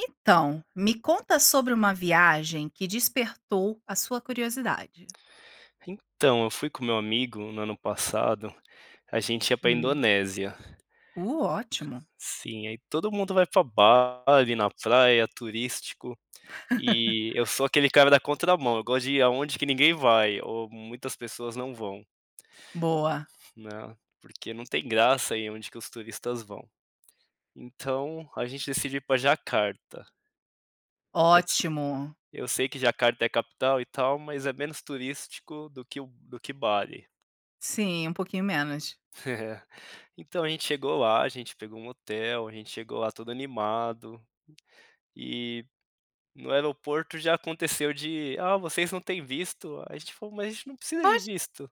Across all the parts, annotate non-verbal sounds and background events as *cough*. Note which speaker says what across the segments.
Speaker 1: Então, me conta sobre uma viagem que despertou a sua curiosidade.
Speaker 2: Então, eu fui com meu amigo, no ano passado, a gente ia pra
Speaker 1: Hum.
Speaker 2: Indonésia.
Speaker 1: Uh, ótimo.
Speaker 2: Sim, aí todo mundo vai para Bali, na praia, turístico, e eu
Speaker 1: *laughs*
Speaker 2: sou aquele cara da contramão, eu gosto de ir aonde que ninguém vai, ou muitas pessoas não vão.
Speaker 1: Boa.
Speaker 2: Né, porque não tem graça ir aonde que os turistas vão. Então a gente decidiu ir pra Jacarta. Eu se
Speaker 1: Ótimo.
Speaker 2: eu sei que Jacarta é capital e tal, mas é menos turístico do que o do que Bali.
Speaker 1: Sim, um pouquinho menos.
Speaker 2: *chuckles* É, então a gente chegou lá, a gente pegou um hotel, a gente chegou lá todo animado, e no aeroporto já aconteceu de: "Ah, vocês não têm visto", a gente falou: "Mas a gente não precisa de
Speaker 1: Oxi.
Speaker 2: visto".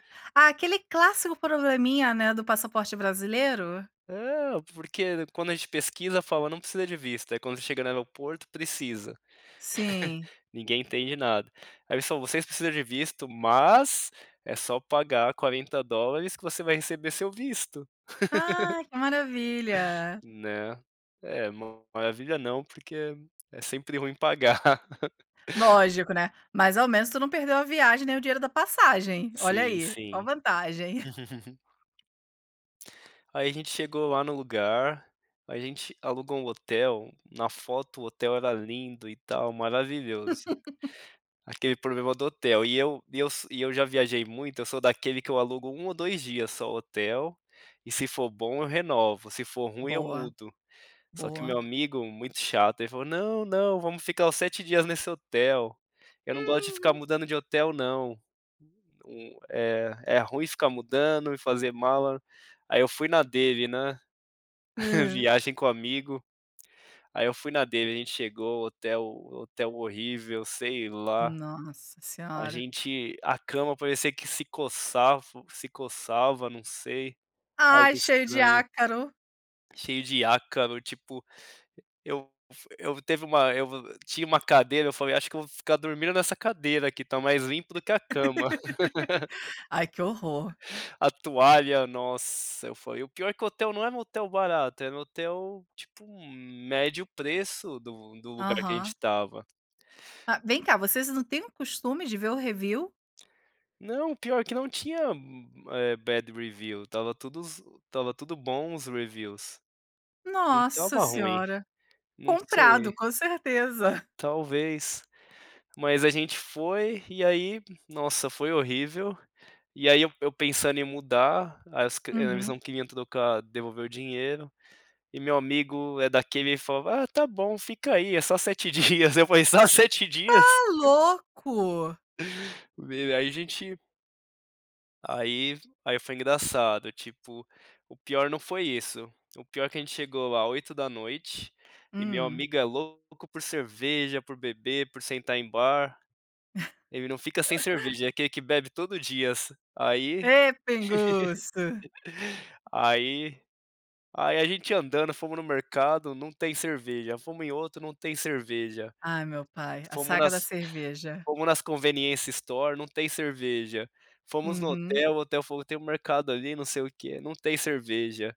Speaker 2: *laughs*
Speaker 1: Ah, aquele clássico probleminha, né, do passaporte brasileiro?
Speaker 2: Não, porque, né, quando a gente pesquisa fala não precisa de visto, aí quando você chega no aeroporto precisa,
Speaker 1: Sim.
Speaker 2: *chuckles* ninguém entende nada. Olha só: "Vocês precisam de visto, mas é só pagar 40 dólares que você vai receber seu visto". *laughs*
Speaker 1: Ai, que maravilha.
Speaker 2: Né? É, uma maravilha não, porque é sempre ruim pagar. *laughs*
Speaker 1: Lógico, né, mas ao menos tu não perdeu a viagem, nem o dinheiro da passagem. Olha
Speaker 2: Sim,
Speaker 1: aí, oh a
Speaker 2: sim.
Speaker 1: vantagem.
Speaker 2: *laughs* Aí a gente chegou lá no lugar, a gente alugou um hotel, na foto o hotel era lindo e tal, maravilhoso.
Speaker 1: *laughs*
Speaker 2: Aquele problema do hotel, e eu e eu so e eu já viajei muito, eu sou daquele que eu alugo 1 ou 2 dias só o hotel, e se for bom eu renovo, se for ruim eu
Speaker 1: Boa,
Speaker 2: mudo. Só que meu
Speaker 1: boa.
Speaker 2: amigo, muito chato, ele falou: "Não, não, vamos ficar os 7 dias nesse hotel, eu não gosto de ficar
Speaker 1: Uhum.
Speaker 2: mudando de hotel não, hum, eh, é ruim ficar mudando e fazer mala". Aí eu fui na dele, né. *snorts*
Speaker 1: Hã.
Speaker 2: Viagem com amigo, aí eu fui na dele, a gente chegou o hotel hotel horrível, sei lá,
Speaker 1: Nossa
Speaker 2: a
Speaker 1: Senhora.
Speaker 2: gente a cama parecia que se coçava se coçava, não sei, algo
Speaker 1: Ai, cheio de
Speaker 2: estranho.
Speaker 1: ácaro.
Speaker 2: Cheio de ácaro, tipo, eu fu eu teve uma eu vo tinha uma cadeira, eu falei: "Acho que eu vou ficar dormindo nessa cadeira aqui, tá mais limpo do que a cama".
Speaker 1: *laughs* Ai, que horror.
Speaker 2: *laughs* A toalha, nossa, foi o pior é que o hotel não era um hotel barato, era um hotel, tipo, um médio preço do do lugar que a gente
Speaker 1: Aham.
Speaker 2: estava.
Speaker 1: Ah, vem cá, vocês não têm o costume de ver o review?
Speaker 2: Não, pior que não tinha u u eh, bad review. Estava tudo zo estava tudo bom os reviews, não
Speaker 1: Nossa
Speaker 2: estava ruim,
Speaker 1: Senhora,
Speaker 2: não sei.
Speaker 1: comprado, com certeza.
Speaker 2: Talvez, mas a gente foi e aí, nossa, foi horrível, e aí eu p eu pensando em mudar as cri eles
Speaker 1: Uhum.
Speaker 2: não queriam trocar, devolver o dinheiro, e meu amigo é daqueles, ele falou: "Ah, tá bom, fica aí, é só 7 dias", eu falei: "Só 7
Speaker 1: Tá
Speaker 2: dias?"
Speaker 1: louco!
Speaker 2: Meu, aí a gente aí f aí foi engraçado, tipo, o pior não foi isso, o pior é que a gente chegou lá 20h, e meu
Speaker 1: Hum.
Speaker 2: amigo é louco por cerveja, por beber, por sentar em bar. Ele não fica sem
Speaker 1: *laughs*
Speaker 2: cerveja, é aquele que bebe todo dia, assi aí.
Speaker 1: Ê, pinguço!
Speaker 2: *laughs* aí aí a gente andando, fomos no mercado, não tem cerveja, fomos em outro, não tem cerveja.
Speaker 1: Ai meu pai, a
Speaker 2: Fomos
Speaker 1: saga
Speaker 2: nas
Speaker 1: da cerveja.
Speaker 2: fomos nas conveniência store, não tem cerveja, fomos no
Speaker 1: Uhum.
Speaker 2: hotel, o hotel falou: "Tem mercado ali, não sei o quê, não tem cerveja".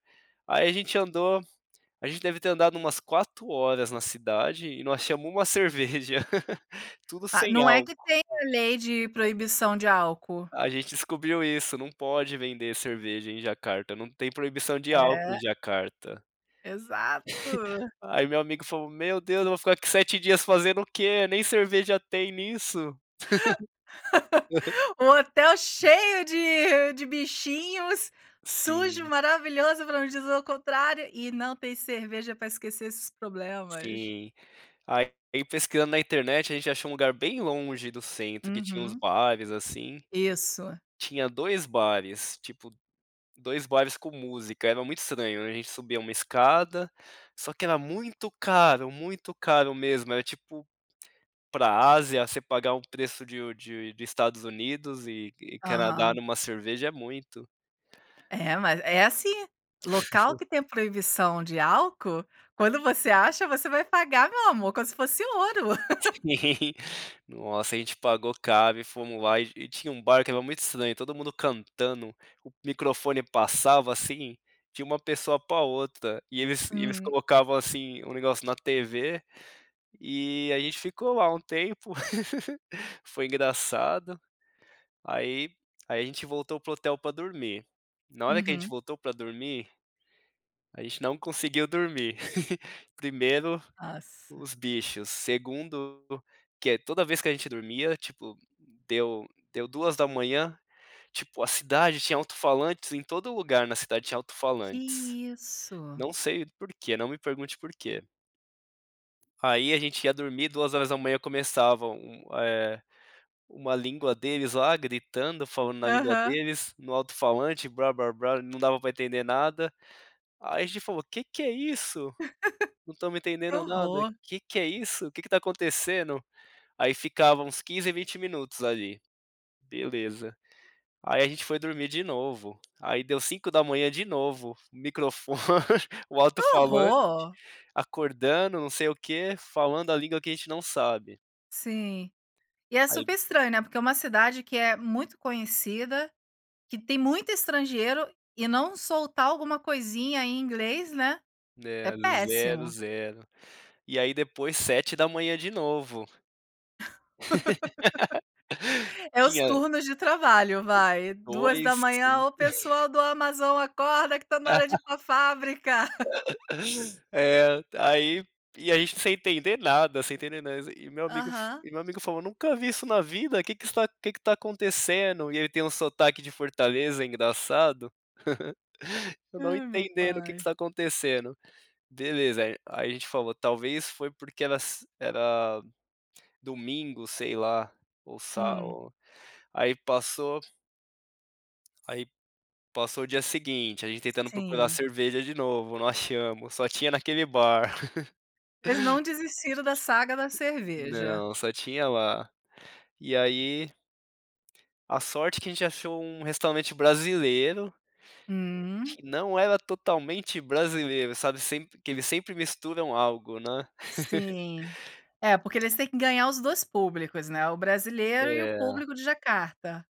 Speaker 2: Aí a gente andou a gente deve ter andado umas 4 horas na cidade e não achamos uma cerveja, *laughs* tudo
Speaker 1: Ah,
Speaker 2: sem
Speaker 1: não é
Speaker 2: álcool.
Speaker 1: que tem a lei de proibição de álcool?
Speaker 2: A gente descobriu isso, não pode vender cerveja em Jacarta não, tem proibição de álcool em
Speaker 1: É.
Speaker 2: Jacarta.
Speaker 1: Exato.
Speaker 2: *snorts* Aí meu amigo falou: "Meu Deus, eu vou ficar aqui 7 dias fazendo o quê? Nem cerveja tem nisso". *laughs*
Speaker 1: *laughs* O hotel cheio de de bichinhos, sujo,
Speaker 2: Sim.
Speaker 1: maravilhoso, pra não dizer o contrário, e não tem cerveja pra esquecer esses problemas.
Speaker 2: Sim. Aí, pesquisando na internet, a gente achou um lugar bem longe do centro, que tinha uns
Speaker 1: Uhum.
Speaker 2: bares, assim,
Speaker 1: Isso.
Speaker 2: tinha 2 bares, tipo, 2 bares com música, era muito estranho, a gente subia uma escada, só que era muito caro, muito caro mesmo era, tipo, pra Ásia você pagar um preço de u de de Estados Unidos e e Canadá
Speaker 1: Aham.
Speaker 2: numa cerveja é muito.
Speaker 1: É, mas é assim, local
Speaker 2: *laughs*
Speaker 1: que tem proibição de álcool, quando você acha, você vai pagar, meu amor, como se fosse ouro. *laughs*
Speaker 2: Sim. Nossa, a gente pagou caro e fomos lá, e e tinha um bar que era muito estranho, todo mundo cantando, o microfone passava, assim, de uma pessoa pra outra, e eles e eles
Speaker 1: Hum.
Speaker 2: colocavam, assim, o negócio na TV, e a gente ficou lá um tempo, *laughs* foi engraçado, aí aí a gente voltou para o hotel pra dormir, na hora que a gente
Speaker 1: Uhum.
Speaker 2: voltou pra dormir, a gente não conseguiu dormir. *laughs* Primeiro,
Speaker 1: Nossa.
Speaker 2: os bichos, segundo, que é, toda vez que a gente dormia, tipo, deu deu 2h, tipo, a cidade tinha auto-falantes, em todo lugar na cidade tinha auto-falantes.
Speaker 1: Que isso.
Speaker 2: Não sei por quê, não me pergunte por quê. Aí, a gente ia dormir, 2h começavam um eh, uma língua deles lá gritando, falando na língua
Speaker 1: Aham.
Speaker 2: deles no alto-falante blá-blá-blá, não dava pra entender nada. Aí a gente falou: "Que que é isso?
Speaker 1: *laughs*
Speaker 2: Não estamos
Speaker 1: Que
Speaker 2: entendendo nada,
Speaker 1: horror.
Speaker 2: que que é isso? O que que tá acontecendo?". Aí, ficava uns 15, 20 minutos ali. Beleza, aí a gente foi dormir de novo, aí deu 5h de novo, microfone, o
Speaker 1: Que
Speaker 2: alto-falante
Speaker 1: horror!
Speaker 2: acordando não sei o quê, falando a língua que a gente não sabe.
Speaker 1: Sim. E é super
Speaker 2: Aí
Speaker 1: estranho, né, porque é uma cidade que é muito conhecida, que tem muito estrangeiro, e não soltar alguma coisinha em inglês, né? É
Speaker 2: Né, 0,
Speaker 1: péssimo.
Speaker 2: 0. E aí, depois, 7h de novo. *laughs*
Speaker 1: *laughs* É os
Speaker 2: Tinha
Speaker 1: turnos de trabalho vai, duas
Speaker 2: 2,
Speaker 1: da manhã:
Speaker 2: 5.
Speaker 1: "Ô,
Speaker 2: *chuckles*
Speaker 1: pessoal do Amazon, acorda que tá na hora de ir
Speaker 2: *chuckles*
Speaker 1: para a fábrica!" *laughs*
Speaker 2: *laughs* É, aí, e a gente sem entender nada, sem entender nada e meu amigo
Speaker 1: Aham.
Speaker 2: e meu amigo falou: "Nunca vi isso na vida, que que está que que tá acontecendo?". E ele tem um sotaque de Fortaleza engraçado. *chuckles* Eu não
Speaker 1: Ai meu
Speaker 2: entendendo o que que
Speaker 1: pai.
Speaker 2: está acontecendo. Beleza, a aí a gente falou: "Talvez foi porque era se era domingo, sei lá, ou sa
Speaker 1: Hum.
Speaker 2: ou", aí passou aí, passou o dia seguinte, a gente tentando procurar
Speaker 1: Sim.
Speaker 2: cerveja de novo, não achamos, só tinha naquele bar.
Speaker 1: Eles não desistiram da saga da
Speaker 2: *laughs*
Speaker 1: cerveja.
Speaker 2: Não, só tinha lá. E aí a sorte é que a gente achou um restaurante brasileiro
Speaker 1: Hum.
Speaker 2: que não era totalmente brasileiro, sabe? Sempre que eles sempre misturam algo, né?
Speaker 1: Sim.
Speaker 2: *laughs*
Speaker 1: É, porque eles têm que ganhar os dois públicos, né, o brasileiro e o
Speaker 2: É.
Speaker 1: público de Jacarta.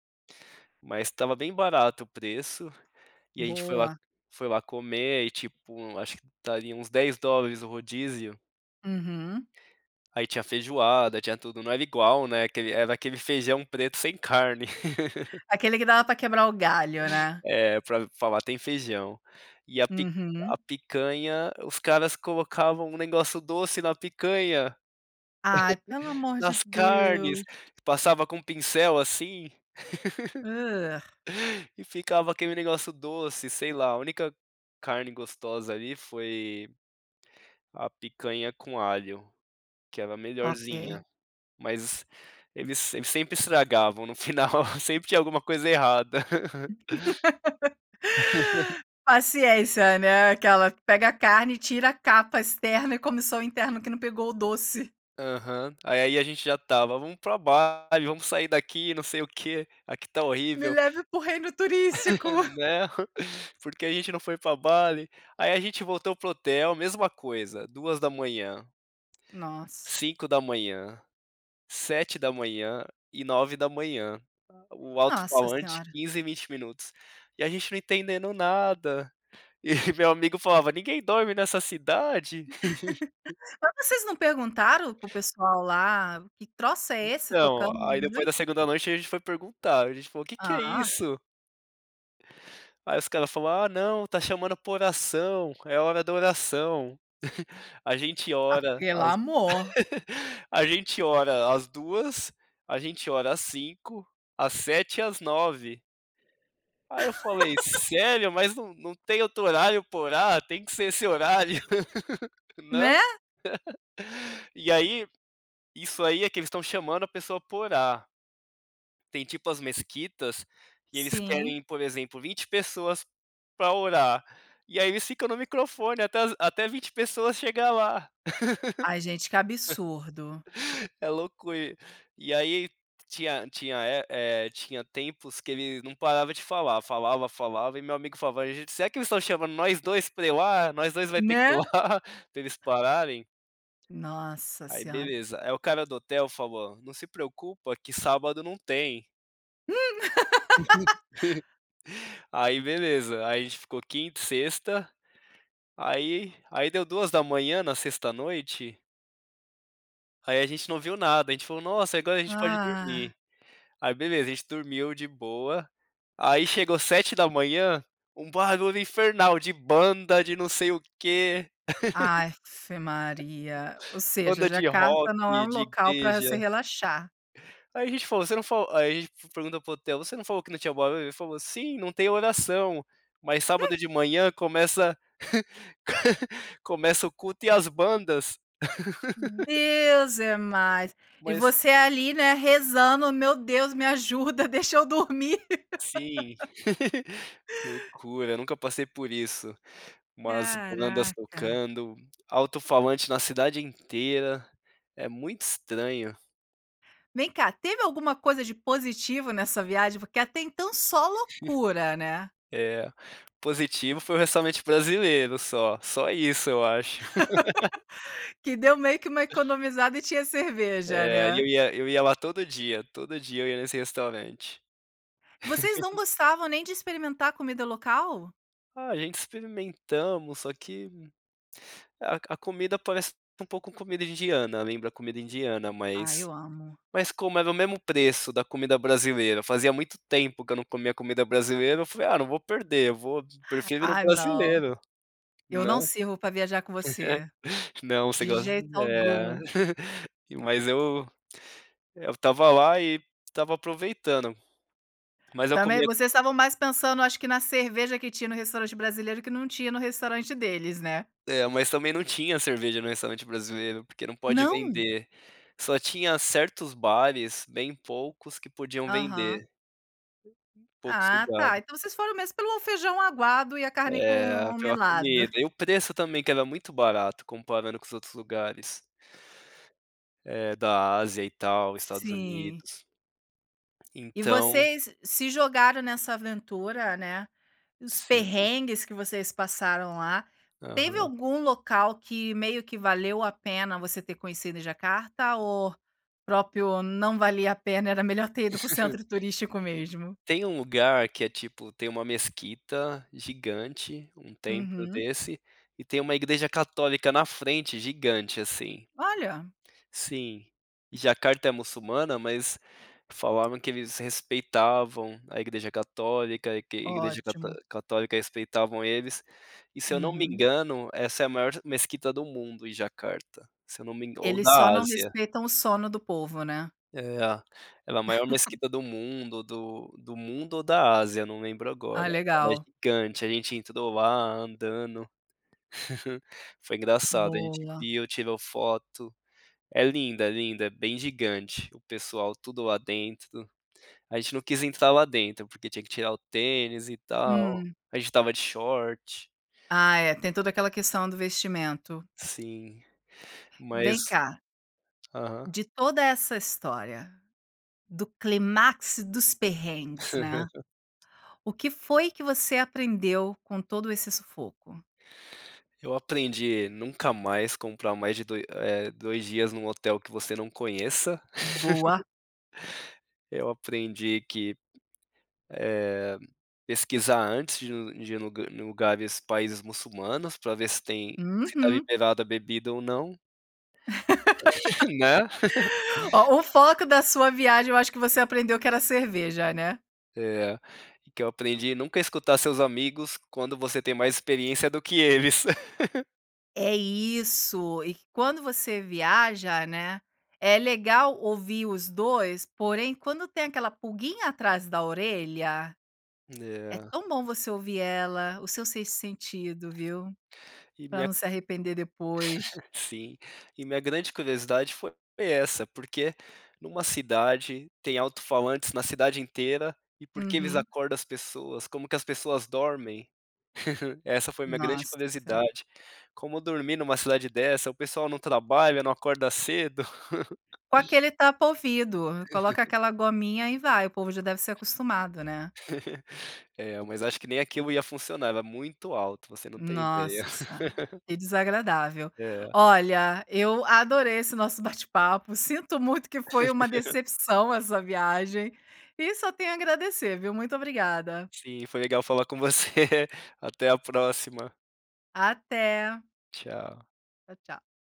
Speaker 2: Mas tava bem barato o preço, e ai a gente foi lá
Speaker 1: Boa.
Speaker 2: foi lá comer e, tipo, acho que daria uns 10 dólares o rodízio.
Speaker 1: Uhum.
Speaker 2: Aí tinha feijoada, tinha tudo, não era igual, né. Aquele era aquele feijão preto sem carne. *laughs*
Speaker 1: Aquele que dava para quebrar o galho, né?
Speaker 2: É pra falar tem feijão, e a pi
Speaker 1: Uhum.
Speaker 2: a picanha, os caras colocavam um negócio doce na picanha,
Speaker 1: Ai, pelo
Speaker 2: *chuckles*
Speaker 1: amor de
Speaker 2: nas carnes,
Speaker 1: Deus.
Speaker 2: passava com pincel assim,
Speaker 1: *grunts*
Speaker 2: *chuckles* e ficava aquele negócio doce, sei lá. A única carne gostosa ali foi, a picanha com alho, que era melhorzinha,
Speaker 1: Ok.
Speaker 2: mas eles eles sempre estragavam, no final sempre tinha alguma coisa errada.
Speaker 1: *laughs*
Speaker 2: *laughs*
Speaker 1: Paciência, né, aquela, pega a carne e tira a capa externa e come só a interna que não pegou o doce.
Speaker 2: Aham, e aí ai a gente já tava: "Vamos pra Bali, vamos sair daqui, não sei o quê, aqui tá
Speaker 1: Me
Speaker 2: horrível."
Speaker 1: leve para o reino turístico.
Speaker 2: *laughs*
Speaker 1: *giggles*
Speaker 2: Né, porque a gente não foi pra Bali? Aí a gente voltou para o hotel, mesma coisa, 2 da manhã
Speaker 1: Nossa.
Speaker 2: 5 da manhã, 7 da manhã e 9 da manhã. O
Speaker 1: Nossa
Speaker 2: altofalante
Speaker 1: senhora.
Speaker 2: 15 e 20 minutos, e a gente não entendendo nada. E meu amigo falava, ninguém dorme nessa cidade?
Speaker 1: *laughs*
Speaker 2: *laughs*
Speaker 1: Mas vocês não perguntaram para o pessoal lá, que troço é esse
Speaker 2: Então,
Speaker 1: tocando de
Speaker 2: aí depois
Speaker 1: noite?
Speaker 2: da segunda noite a gente foi perguntar, a gente falou: "Que que é
Speaker 1: Ah.
Speaker 2: isso?" Aí os cara falou: "Ah, não, tá chamando pra oração, é hora da oração. A gente
Speaker 1: Ah,
Speaker 2: ora
Speaker 1: pelo
Speaker 2: às
Speaker 1: amor.
Speaker 2: *laughs* a gente ora às 2, a gente ora às 5, às 7 e às 9." Aí eu falei:
Speaker 1: *laughs*
Speaker 2: "Sério? Mas não não tem outro horário pra orar, tem que ser esse horário, *laughs* não?"
Speaker 1: Né?
Speaker 2: E aí isso aí é que eles estão chamando a pessoa pra orar. Tem tipo as mesquitas que eles
Speaker 1: Sim.
Speaker 2: querem por exemplo 20 pessoas pra orar, e aí eles ficam no microfone até as até as 20 pessoas chegar lá.
Speaker 1: Ai gente, que absurdo.
Speaker 2: *laughs* É loucura, e aí, tinha tinha, eh eh, tinha tempos que ele não parava de falar, falava, falava e meu amigo falava: "Ai, gente será que eles estão chamando nós 2 pra ir lá, nós 2 vai ter que ir
Speaker 1: Né.
Speaker 2: lá, pra eles pararem?"
Speaker 1: Nossa
Speaker 2: Aí
Speaker 1: senhora.
Speaker 2: beleza, é o cara do hotel falou: "Não se preocupa, que sábado não tem."
Speaker 1: Hum. *laughs*
Speaker 2: *laughs* Aí beleza, aí a gente ficou quinta e sexta, aí aí deu 2h, na sexta à noite aí a gente não ouviu nada, a gente falou: "Nossa, agora a gente pode
Speaker 1: Ah.
Speaker 2: dormir". Aí beleza, a gente dormiu de boa, aí chegou 7h, um barulho infernal de banda, de não sei o quê
Speaker 1: Afe Maria, ou
Speaker 2: *laughs*
Speaker 1: seja,
Speaker 2: Banda de rock,
Speaker 1: Jacarta não é
Speaker 2: de
Speaker 1: local pra
Speaker 2: igreja.
Speaker 1: se relaxar.
Speaker 2: Aí a gente falou: "Você não falou", aí f pergunta para o hotel, "Você não falou que não tinha o barulho?", falou: "Sim, não tem oração, mas sábado de manhã começa *laughs* começa o culto e as bandas". *laughs*
Speaker 1: Deus é mais. E
Speaker 2: Mas
Speaker 1: você ali, né, rezando, meu Deus, me ajuda, deixa eu dormir.
Speaker 2: Sim,
Speaker 1: *laughs*
Speaker 2: *laughs* loucura, nunca passei por isso. Umas bandas
Speaker 1: Caraca.
Speaker 2: tocando, alto-falante na cidade inteira, é muito estranho.
Speaker 1: Vem cá, teve alguma coisa de positivo nessa viagem? Porque até então só loucura, né.
Speaker 2: *laughs* É, positivo foi o restaurante brasileiro só, só isso eu acho. *laughs*
Speaker 1: *laughs* Que deu meio que uma economizada e tinha cerveja,
Speaker 2: É, aí
Speaker 1: né.
Speaker 2: eu ia eu ia lá todo dia, todo dia eu ia nesse restaurante.
Speaker 1: Vocês não
Speaker 2: *laughs*
Speaker 1: gostavam nem de experimentar a comida local?
Speaker 2: Ah, a gente experimentamos, só que a a comida parece um pouco com comida indiana, lembra a comida indiana,
Speaker 1: Ai,
Speaker 2: mas
Speaker 1: eu amo.
Speaker 2: mas como era o mesmo preço da comida brasileira, fazia muito tempo que eu não comia comida brasileira, eu falei: "Ah, não vou perder, eu vou
Speaker 1: *inhales*
Speaker 2: prefiro ir no
Speaker 1: Ah não.
Speaker 2: brasileiro,
Speaker 1: Eu
Speaker 2: né?".
Speaker 1: não sirvo pra viajar com você.
Speaker 2: *laughs* Não, você
Speaker 1: De
Speaker 2: gos
Speaker 1: jeito
Speaker 2: é.
Speaker 1: algum.
Speaker 2: *laughs* Mas eu eu estava lá e estava aproveitando, mas eu
Speaker 1: Também,
Speaker 2: comia
Speaker 1: vocês estavam mais pensando eu acho que na cerveja que tinha no restaurante brasileiro que não tinha no restaurante deles, né?
Speaker 2: É, mas também não tinha cerveja no restaurante brasileiro porque não pode
Speaker 1: Não?
Speaker 2: vender. Só tinha certos bares, bem poucos, que podiam
Speaker 1: Aham.
Speaker 2: vender. Poucos
Speaker 1: Ah tá,
Speaker 2: lugares.
Speaker 1: então vocês foram mesmo pelo feijão aguado e a carne com
Speaker 2: É,
Speaker 1: o
Speaker 2: pela
Speaker 1: melado.
Speaker 2: comida. E o preço também, que era muito barato comparando com os outros lugares eh, da Ásia e tal, Estados
Speaker 1: Sim.
Speaker 2: Unidos.
Speaker 1: E
Speaker 2: Então
Speaker 1: vocês se jogaram nessa aventura, né, nos
Speaker 2: Sim.
Speaker 1: perrengues que vocês passaram lá. Teve
Speaker 2: Aham.
Speaker 1: algum local que meio que valeu a pena você ter conhecido em Jacarta, ou o próprio não valia a pena, era melhor ter ido para o
Speaker 2: *laughs*
Speaker 1: centro turístico mesmo?
Speaker 2: Tem um lugar que é ,tipo, tem uma mesquita gigante, um templo
Speaker 1: Uhum.
Speaker 2: desse, e tem uma igreja católica na frente gigante, assim.
Speaker 1: Olha!
Speaker 2: Sim. Jacarta é muçulmana, mas falavam que eles respeitavam a igreja católica, e que a igreja cató
Speaker 1: Ótimo.
Speaker 2: católica respeitavam eles, e se eu não me
Speaker 1: Uhum.
Speaker 2: engano, essa é a maior mesquita do mundo, em Jacarta, se eu não me engan ou
Speaker 1: Eles
Speaker 2: da
Speaker 1: só não
Speaker 2: Ásia.
Speaker 1: respeitam o sono do povo, né?
Speaker 2: É, ela maior
Speaker 1: *laughs*
Speaker 2: Mesquita do mundo, do do mundo ou da Ásia, eu não lembro agora.
Speaker 1: Ah,
Speaker 2: Mas
Speaker 1: legal.
Speaker 2: gigante, a gente entrou lá andando. *laughs* Foi engraçado, a gente
Speaker 1: Boa.
Speaker 2: viu, tirou foto. É linda, é linda, é bem gigante. O pessoal tudo lá dentro. A gente não quis entrar lá dentro, porque tinha que tirar o tênis e tal.
Speaker 1: Hum.
Speaker 2: A gente estava de short.
Speaker 1: Ah é, tem toda aquela questão do vestimento.
Speaker 2: Sim. Mas
Speaker 1: Vem cá
Speaker 2: aham.
Speaker 1: de toda essa história, do clímax dos perrengues, né?
Speaker 2: *laughs*
Speaker 1: O que foi que você aprendeu com todo esse sufoco?
Speaker 2: Eu aprendi, nunca mais comprar mais de doi eh, dois dias num hotel que você não conheça. *laughs*
Speaker 1: Boa.
Speaker 2: Eu aprendi que, eh, pesquisar antes de ir de ir em lugares, países muçulmanos pra ver se tem se está
Speaker 1: Uhum.
Speaker 2: liberado a bebida ou não. *laughs* Né?
Speaker 1: *laughs*
Speaker 2: *laughs*
Speaker 1: Oh, o foco da sua viagem eu acho que você aprendeu que era cerveja, né.
Speaker 2: É, e que eu aprendi nunca escutar os seus amigos quando você tem mais experiência do que eles. *laughs*
Speaker 1: É isso, e quando você viaja, né, é legal ouvir os 2, porém quando tem aquela pulguinha atrás da orelha, é
Speaker 2: É.
Speaker 1: tão bom você ouvir ela, o seu sexto sentido, viu?
Speaker 2: E
Speaker 1: Pra
Speaker 2: minha
Speaker 1: não se arrepender depois.
Speaker 2: *laughs* Sim, e minha grande curiosidade foi essa, porque numa cidade tem autofalantes na cidade inteira, e porque eles
Speaker 1: Uhum.
Speaker 2: acordam as pessoas, como que as pessoas dormem, *giggles* essa foi minha grande
Speaker 1: Nossa. Tá.
Speaker 2: curiosidade, como dormir numa cidade dessa? O pessoal não trabalha, não acorda cedo.
Speaker 1: Com
Speaker 2: *laughs*
Speaker 1: aquele tapa ouvido, coloca
Speaker 2: *laughs*
Speaker 1: aquela gominha e vai, o povo já deve ser acostumado, né.
Speaker 2: *laughs* É, mas acho que nem aquilo ia funcionar, era muito alto, você não tem ideia.
Speaker 1: Nossa senhora,
Speaker 2: *laughs*
Speaker 1: que desagradável.
Speaker 2: É.
Speaker 1: Olha, eu adorei esse nosso bate-papo, sinto muito que foi uma
Speaker 2: *laughs*
Speaker 1: decepção essa viagem, e só tenho a agradecer, viu. Muito obrigada.
Speaker 2: Sim, foi legal falar com você, até a próxima.
Speaker 1: Até.
Speaker 2: Tchau.
Speaker 1: Tchau, tchau.